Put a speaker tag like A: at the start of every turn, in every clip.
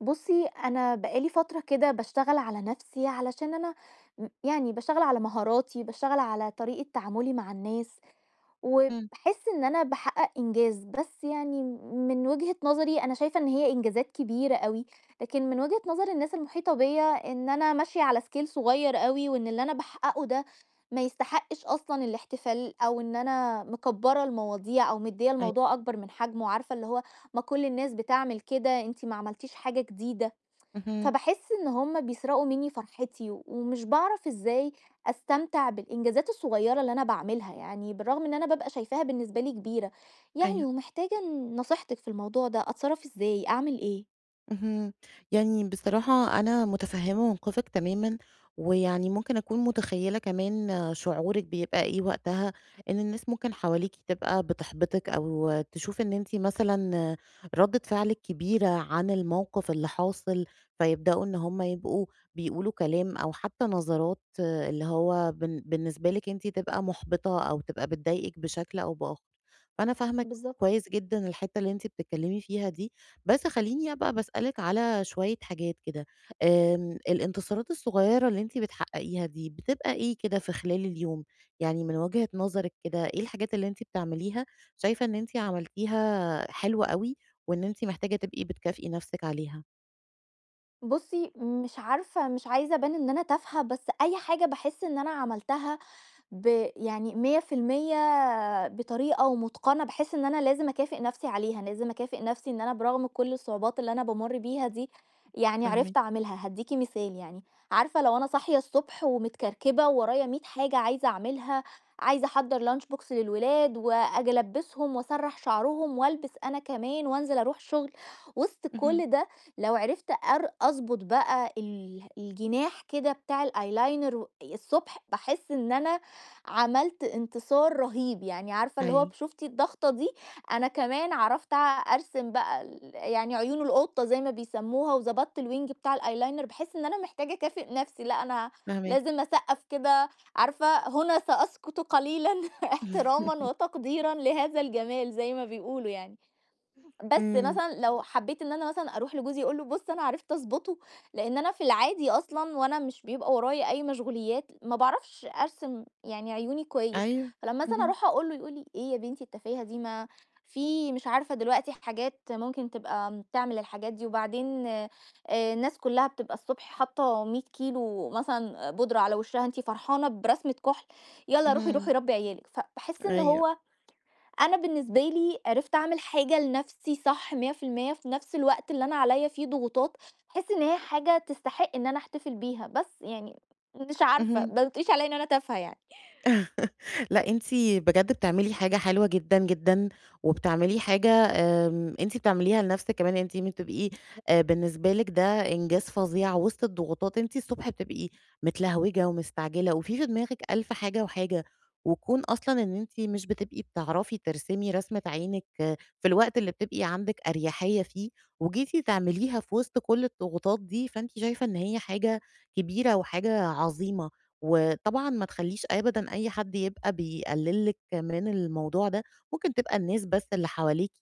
A: بُصي أنا بقى لي فترة كده باشتغل على نفسي علشان أنا م يعني باشتغل على مهاراتي، باشتغل على طريقة تعاملي مع الناس،
B: امم.
A: وباحس إن أنا باحقق إنجاز. بس يعني من وجهة نظري أنا شايفة إن هي إنجازات كبيرة أوي، لكن من وجهة نظر الناس المحيطة بيّ ا إن أنا ماشية على scale صغير أوي، وإن اللي أنا باحققه ده ما يستحقش أصلًا الاحتفال، أو إن أنا مكبرة المواضيع أو مدية
B: أيوه.
A: الموضوع أكبر من حجمه. وعارفة اللي هو ما كل الناس بتعمل كده، أنتِ ما عملتيش حاجة جديدة.
B: اهم.
A: فباحس إن هم بيسرقوا مني فرحتي، ومش باعرف إزاي أستمتع بالإنجازات الصغيرة اللي أنا باعملها يعني، بالرغم إن أنا بابقى شايفاها بالنسبة لي كبيرة. يعني
B: أيوه.
A: ومحتاجة ن نصيحتك في الموضوع ده، أتصرف إزاي؟ أعمل إيه؟
B: اهم. يعني بصراحة أنا متفهمة موقفِك تمامًا، ويعني ممكن أكون متخيلة كمان شعورِك بيبقى إيه وقتها، إن الناس ممكن حواليكِ تبقى بتحبطِك أو تشوف إن أنتِ مثلًا ردة فعلِك كبيرة عن الموقف اللي حاصل، فيبدأوا إن هم يبقوا بيقولوا كلام أو حتى نظرات اللي هو بن بالنسبة لِك أنتِ تبقى محبطة أو تبقى بتضايقِك بشكل أو بآخر. فأنا فاهمة
A: بالضبط.
B: كويس جدًا الحتة اللي أنتِ بتتكلمي فيها دي. بس خليني أبقى باسألِك على شوية حاجات كده. آمم الانتصارات الصغيرة اللي أنتِ بتحققيها دي بتبقى إيه كده في خلال اليوم؟ يعني من وجهة نظرِك كده إيه الحاجات اللي أنتِ بتعمليها شايفة إن أنتِ عملتيها حلوة أوي، وإن أنتِ محتاجة تبقي بتكافئي نفسِك عليها؟
A: بُصّي مش عارفة مش عايزة ابان إن أنا تافهة بس أي حاجة باحس إن أنا عملتها ب يعني 100% بطريقة ومتقَنة باحس إن أنا لازم اكافئ نَفْسي عليها لازم اكافئ نَفْسي إن أنا برغم كل الصعوبات اللي أنا بامر بيها دي يعني عرفت
B: فاهماكِ.
A: اعملها، هادّيكِ مثال يعني، عارفة لو أنا صاحية الصبح ومتكركبة وورايا مِيّة حاجة عايزة اعملها عايزة احضّر lunch box للولاد وآجي ألبّسهم وأسرّح شَعرهم والبس أنا كمان وانزل اروح الشُغل وسط
B: اهم.
A: كل ده لو عرفت أر أضبط بقى اله الجناح كده بتاع الeyeliner و ي الصبح باحس إن أنا عملت إنتصار رهيب، يعني عارفة اللي هو ب
B: أيوه.
A: شُفتِ الضغطة دي أنا كمان عرفت اع أرسم بقى ال يعني عيون القطة زي ما بيسَمّوها وضبطت الwing بتاع الeyeliner باحس إن أنا محتاجة اكافئ نَفْسي لأ أنا
B: فاهماكِ.
A: لازم اسقّف كده عارفة، هنا سأسكت قليلًا إحترامًا وتقديرًا لهذا الجمال زي ما بيقولوا يعني، بس
B: إمم.
A: مثلًا لو حبيت إن أنا مثلًا اروح لجوزي أقول له بُص أنا عرفت أضبطه لإن أنا في العادي أصلًا وأنا مش بيبقى ورايا أي مشغوليات ما باعرفش أرسم يعني عيوني كويس،
B: أيوه،
A: فلما مثلًا
B: اهم.
A: اروح اقول له يقول لي: "إيه يا بنتي التفاهة دي ما في مش عارفة دلوقتي حاجات ممكن تبقى م بتعمل الحاجات دي وبعدين آآ، الناس كلّها بتبقى الصبح حاطة 100 كيلو مثلًا آآ، بودرة على وِشّها أنتِ فرحانة برسمة كُحل! يالّا روحي، روحي
B: اهم.
A: ربّي عيال لِك". فباحس إن
B: أيوه.
A: هو أنا بالنسبة لي عرفت اعمل حاجة لنَفْسي صح 100% في نَفْس الوقت اللي أنا عليّا فيه ضغوطات باحس إن هي حاجة تستحق إن أنا احتفل بيها بس يعني مش عارفة
B: اهم.
A: باو تقوليش عليّا إن أنا تافهة يعني.
B: لأ أنتِ بجد بتعملي حاجة حلوة جدًا، جدًا وبتعملي حاجة آمم، أنتِ بتعمليها لَنْفسك كمان يعني أنتِ م تبقي آآ، بالنسبة لِك ده إنجاز فظيع وسط الضغوطات أنتِ الصبح بتبقي متلهوجة ومستعجلة وفي، في دماغِك ألف حاجة وحاجة، وكون أصلًا إن أنتِ مش بتبقي بتعرفي ترسمي رسمة عينِك في الوقت اللي بتبقي عندِك أريحية فيه وجيتِ تعمليها في وسط كل الضغوطات دي، فأنتِ شايفة إن هي حاجة كبيرة وحاجة عظيمة. وطبعًا ما تخلّيش أبدًا أي حد يبقى بيقلل لِك من الموضوع ده، ممكن تبقى الناس بس اللي حواليكِ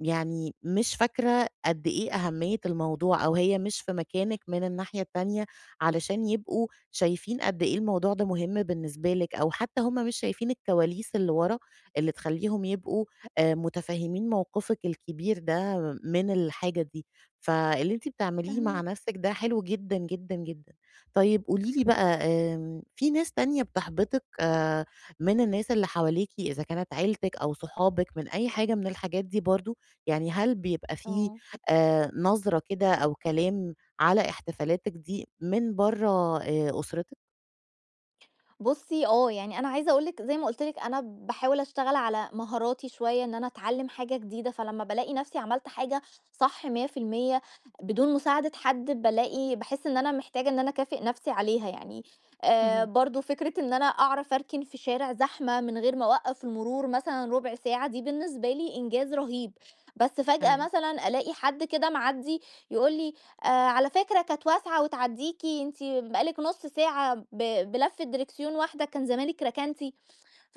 B: يعني مش فاكرة قد إيه أهمية الموضوع أو هي مش في مكانِك من الناحية التانية علشان يبقوا شايفين قد إيه الموضوع ده مهم بالنسبة لِك، أو حتى هُم مش شايفين الكواليس اللي ورا اللي تخلّيهم يبقوا آآ، متفهمين موقفِك الكبير ده من الحاجة دي. فاللي أنتِ بتعمليه مع
A: فاهماكِ.
B: نَفْسك ده حلو جدًا، جدًا، جدًا. طيب قولي لي بقى آمم في ناس تانية بتحبطِك آآ، من الناس اللي حواليكِ إذا كانت عيلتِك أو صحابِك من أي حاجة من الحاجات دي برضه، يعني هل بيبقى فيه
A: آه.
B: آآ، نظرة كده أو كلام على احتفالاتِك دي من برّا آآ أسرتِك؟
A: بُصّي آه، يعني أنا عايزه أقول لِك زي ما قُلت لِك أنا باحاول اشتغل على مهاراتي شوية، إن أنا اتعلم حاجة جديدة، فلمّا بالاقي نَفْسي عملت حاجة صح 100% بدون مساعدة حد، بالاقي باحس إن أنا محتاجة إن أنا اكافئ نَفْسي عليها يعني. آآ،
B: اهم.
A: برضو فكرة إن أنا أعرف اركن في شارع زحمة من غير ما أوقّف المرور مثلًا ربع ساعة، دي بالنسبة لي إنجاز رهيب، بس فجأة
B: أيوه.
A: مثلًا ألاقي حد كده معدّي يقول لي: "آآ، على فكرة كانت واسعة وتعدّيكِ أنتِ بقى لِك نُص ساعة ب بلفّة دريكسيون واحدة كان زمانِك ركنتِ"،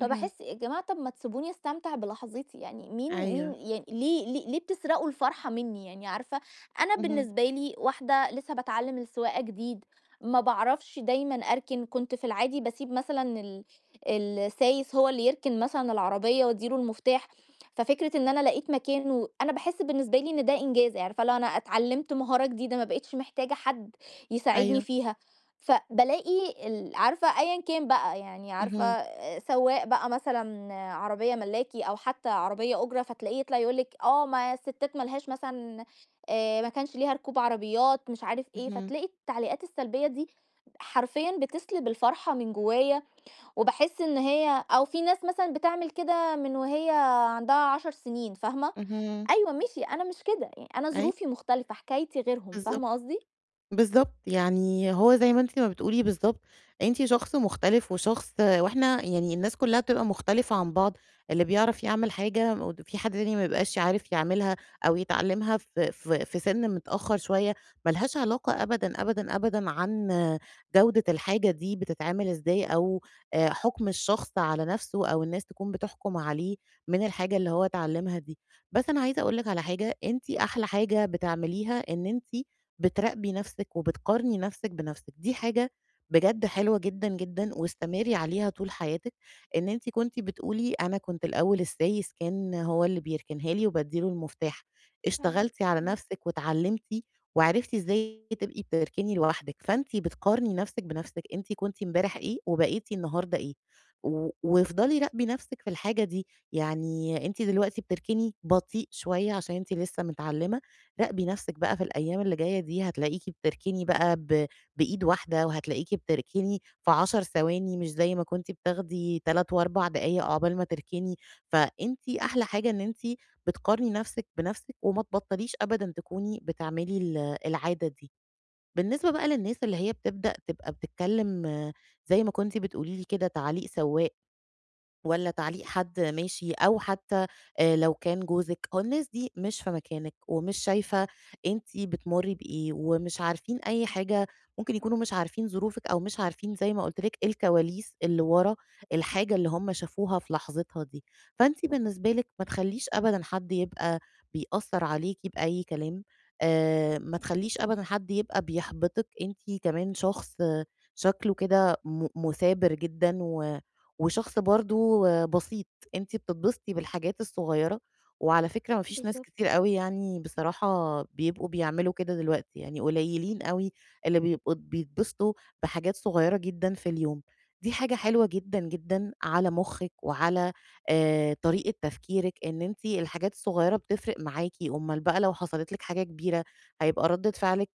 B: اهم.
A: يا جماعة طَب ما تسيبوني استمتع بلحظتي يعني، مين مين
B: أيوه.
A: يعني ليه ل ليه بتسرقوا الفرحة منّي يعني؟! عارفة، أنا
B: اهم.
A: بالنسبة لي واحدة لسه باتعلم السواقة جديد، ما باعرفش دايمًا أركن، كنت في العادي باسيب مثلًا ال السايس هو اللي يركن مثلًا العربية وادّي له المفتاح، ففكرة إن أنا لقيت مكان و أنا باحس بالنسبة لي إن ده إنجاز، عارفة اللي هو أنا اتعلمت مهارة جديدة ما بقيتش محتاجة حد يساعدني
B: أيوه.
A: فيها، فبالاقي ال عارفة أيًا كان بقى يعني عارفه
B: اهم.
A: آآ، سوّاق بقى مثلًا، عربية ملاكي أو حتى عربية أُجرة، فتلاقيه يطلع يقول لِك آه ما الستات ما لهاش مثلًا آآ، ما كانش ليها ركوب عربيات مش عارف إيه،
B: اهم.
A: فتلاقي التعليقات السلبية دي حرفيًا بتسلِب الفرحة من جوايا، وباحس إن هي أو في ناس مثلًا بتعمل كده من وهي عندها 10 سنين، فاهمة،
B: اهم.
A: أيوه ماشي أنا مش كده يع أنا
B: أي
A: ظروفي مختلفة، حكايتي غيرهم،
B: بالضبط.
A: فاهمة قصدي؟
B: بالضبط، يعني هو زي ما أنتِ ما بتقولي بالضبط، أنتِ شخص مختلف وشخص وإحنا يعني الناس كلّها بتبقى مختلفة عن بعض، اللي بيعرف يعمل حاجة مود في حد تاني ما بيبقاش ي عارف يعملها أو يتعلّمها في في في سِن متأخر شوية، ما لهاش علاقة أبدًا، أبدًا، أبدًا عن جودة الحاجة دي بتتعمل إزاي أو آآ، حُكم الشخص على نَفْسه أو الناس تكون بتحكم عليه من الحاجة اللي هو اتعلمها دي. بس أنا عايزه أقول لِك على حاجة، أنتِ أحلى حاجة بتعمليها إن أنتِ بتراقبى نَفْسِك وبتقارني نَفْسِك بنَفْسِك، دي حاجة بجد حلوة جدًا، جدًا، واستمري عليها طول حياتِك، إن أنتِ كنتِ بتقولي أنا كنت الأول السايس كان هو اللي بيركنها لي وبادّي له المفتاح،
A: فعلًا،
B: اشتغلتِ على
A: إمم.
B: نَفْسِك واتعلّمتِ وعرفتِ إزاي بتبقي تركني لوحدِك، فأنتِ بتقارني نَفْسِك بنَفْسِك، أنتِ كنتِ امبارح إيه وبقيتِ النهارده إيه، و وافضلي راقبي نَفْسِك في الحاجة دي، يعني أنتِ دلوقتي بتركني بطيء شوية عشان أنتِ لسه متعلمة، راقبي نَفْسِك بقى في الأيام اللي جاية دي هتلاقيكِ بتركني بقى ب بإيد واحدة، وهتلاقيكِ بتركني في 10 ثواني مش زي ما كنتِ بتاخدي 3 و4 دقايق عقبال ما تركني، فأنتِ أحلى حاجة إن أنتِ بتقارني نَفْسِك بنَفْسِك وما تبطليش أبدًا تكوني بتعملي ال العادة دي. بالنسبة بقى للناس اللي هي بتبدأ تبقى بتتكلم زي ما كنتِ بتقولي لي كده تعليق سوّاق، والّا تعليق حد ماشي أو حتى آآ، لو كان جوزِك، أهو الناس دي مش في مكانِك ومش شايفة أنتِ بتمرّي بإيه ومش عارفين أي حاجة، ممكن يكونوا مش عارفين ظروفِك أو مش عارفين زي ما قُلت لِك الكواليس اللي ورا الحاجة اللي هُم شافوها في لحظتها دي، فأنتِ بالنسبة لِك ما تخلّيش أبدًا حد يبقى بيأثّر عليكِ بأي كلام، آآ، ما تخلّيش أبدًا حد يبقى بيحبطِك. أنتِ كمان شخص شكله كده م مُثابر جدًا و وشخص برضو بسيط، أنتِ بتتبسطي بالحاجات الصغيّرة، وعلى فكرة ما فيش ناس
A: بالضبط.
B: كتير أوي يعني بصراحة بيبقوا بيعملوا كده دلوقتي، يعني قليّلين أوي اللي بيبقوا بيتبسطوا بحاجات صغيّرة جدًا في اليوم، دي حاجة حلوة جدًا، جدًا على مخِّك وعلى آآ، طريقة تفكيرِك، إن أنتِ الحاجات الصغيّرة بتفرق معاكِ، أومّال بقى لو حصلت لِك حاجة كبيرة هيبقى ردّة فعلِك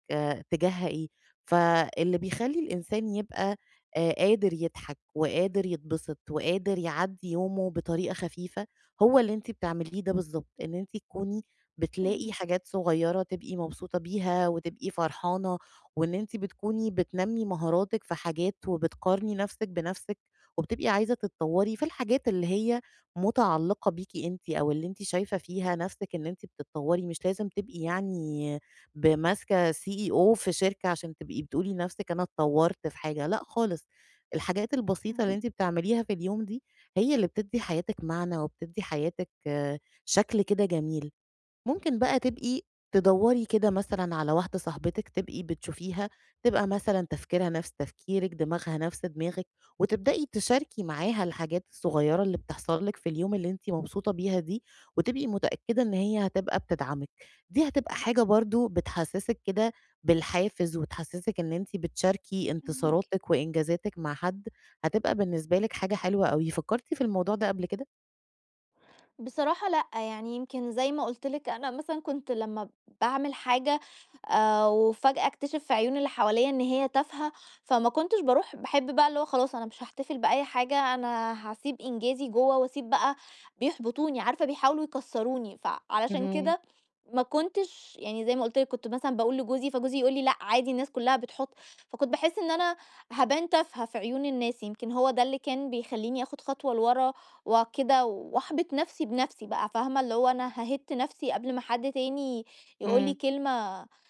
B: تجاهها إيه؟ فاللي بيخلّي الإنسان يبقى آآ، قادر يضحك وقادر يتبسط وقادر يعدّي يومه بطريقة خفيفة هو اللي أنتِ بتعمليه ده بالضبط، إن أنتِ تكوني بتلاقي
A: فاهماكِ.
B: حاجات صغيّرة تبقي مبسوطة بيها وتبقي فرحانة، وإن أنتِ بتكوني بتنمّي مهاراتِك في حاجات وبتقارني نَفْسِك بنَفْسِك، وبتبقي عايزة تتطوّري في الحاجات اللي هي متعلقة بيكِ أنتِ أو اللي أنتِ شايفة فيها نَفْسِك إن أنتِ بتتطوّري مش لازم تبقي يعني ب ماسكة CEO في شركة عشان تبقي بتقولي لنَفْسِك أنا اتطوّرت في حاجة، لأ خالص، الحاجات البسيطة اللي
A: فاهماكِ.
B: أنتِ بتعمليها في اليوم دي هي اللي بتدّي حياتِك معنى وبتدّي حياتِك شكل كده جميل. ممكن بقى تبقي تدوّري كده مثلًا على واحدة صاحبتِك تبقي بتشوفيها تبقى مثلًا تفكيرها نَفْس تفكيرِك، دماغها نَفْس دماغِك، وتبدئي تشاركي معاها الحاجات الصغيّرة اللي بتحصل لِك في اليوم اللي أنتِ مبسوطة بيها دي، وتبقي متأكدة إن هي هتبقى بتدعمِك، دي هتبقى حاجة برضو بتحسّسِك كده بالحافز وتحسّسِك إن أنتِ بتشاركي
A: فاهماكِ.
B: إنتصاراتِك وإنجازاتِك مع حد، هتبقى بالنسبة لِك حاجة حلوة أوي. فكرتِ في الموضوع ده قبل كده؟
A: بصراحة لأ، يعني يمكن زي ما قُلت لِك أنا مثلًا كنت لمّا باعمل حاجة، آآ، وفجأة أكتشِف في عيون اللي حواليّا إن هي تافهة، فما كنتش باروح باحب بقى اللي هو خلاص أنا مش هاحتفل بأي حاجة، أنا هاسيب إنجازي جوه وأسيب بقى بيحبطوني، عارفة بيحاولوا يكسّروني. فعلشان
B: اهم.
A: كده ما كنتش يعني زي ما قُلت لِك كنت مثلًا باقول لجوزي، فجوزي يقول لي: "لأ، عادي الناس كلّها بتحط"، فكنت باحس إن أنا هابان تافهة في عيون الناس، يمكن هو ده اللي كان بيخلّيني آخد خطوة لورا وكده، وأحبط نَفْسي بنَفْسي بقى، فاهمة، اللي هو أنا هاهِدّ نَفْسي قبل ما حد تاني يقول لي
B: امم.
A: كلمة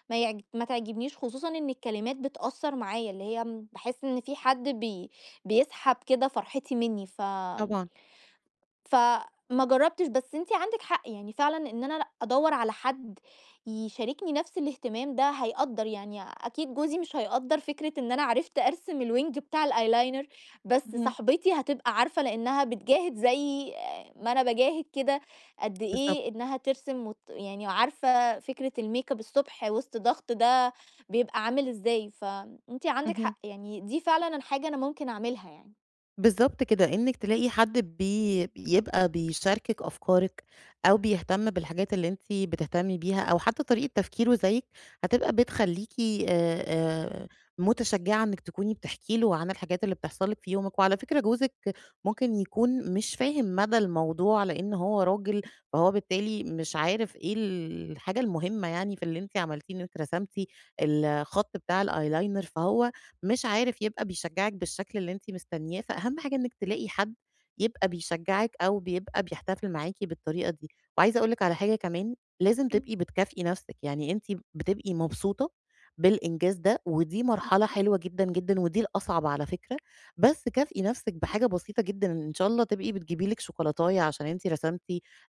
A: ما يعج ما تعجبنيش، خصوصًا إن الكلمات بتأثر معايا، اللي هي باحس إن فيه حد بي بيسحب كده فرحتي مني، ف
B: طبعًا.
A: فما جربتش، بس أنتِ عندِك حق يعني، فعلًا إن أنا لأ أدوّر على حد يشاركني نَفْس الاهتمام ده هيقدَّر، يعني أكيد جوزي مش هيقدَّر فكرة إن أنا عرفت أرسم الwing بتاع الeyeliner، بس
B: اهم.
A: صاحبتي هتبقى عارفة لأنها بتجاهد زي ما أنا باجاهد كده قَدّ
B: بالضبط.
A: إيه إنها ترسم وت يعني وعارفة فكرة الmakeup الصبح وسط ضغط ده بيبقى عامل إزاي، فأنتِ عندِك
B: اهم.
A: حق، يعني دي فعلًا أنا حاجة أنا ممكن أعملها يعني.
B: بالضبط كده، إنِك تلاقي حد بي بيبقى بيشاركِك أفكارِك أو بيهتم بالحاجات اللي أنتِ بتهتمي بيها، أو حتى طريقة تفكيره زيِّك هتبقى بتخلّيكِ، آآ آآ، متشجّعة إنِك تكوني بتحكي له عن الحاجات اللي بتحصَل لِك في يومِك. وعلى فكرة جوزِك ممكن يكون مش فاهم مدى الموضوع لأن هو راجل، فهو بالتالي مش عارف إيه ال الحاجة المهمّة يعني في اللي أنتِ عملتيه، إن أنتِ رسمتِ الخَط بتاع الeyeliner، فهو مش عارف يبقى بيشجّعِك بالشكل اللي أنتِ مستنيّاه، فأهم حاجة إنِك تلاقي حد يبقى بيشجّعِك أو بيبقى بيحتفِل معاكِ بالطريقة دي. وعايزة أقول لِك على حاجة كمان، لازم
A: امم.
B: تبقي بتكافئي نَفسِك، يعني أنتِ بتبقي مبسوطة بالإنجاز ده، ودي مرحلة حلوة جدًا، جدًا، ودي الأصعَب على فكرة، بس كافئي نَفسِك بحاجة بسيطة جدًا، إن شاء الله تبقي بتجيبي لِك شوكولاتاية عشان أنتِ رسمتِ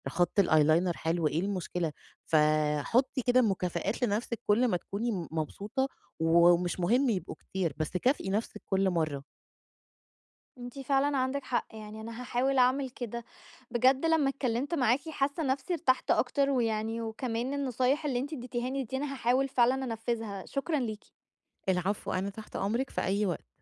B: خَط الeyeliner حلو، إيه المشكلة؟ ف حُطّي كده مكافآت لنَفسِك كلّ ما تكوني م مبسوطة، ومش مهِم يبقوا كتير، بس كافئي نَفسِك كلّ مرّة.
A: أنتِ فعلًا عندِك حق، يعني أنا هاحاول أعمل كده. بجد لما اتكلّمت معاكِ حاسّة نَفسي ارتحت أكتر ويعني، وكمان النصايح اللي أنتِ ادّيتيها لي دي أنا هاحاول فعلًا أنفّذها. شكرًا ليكِ.
B: العفو، أنا تحت أمرِك في أي وقت.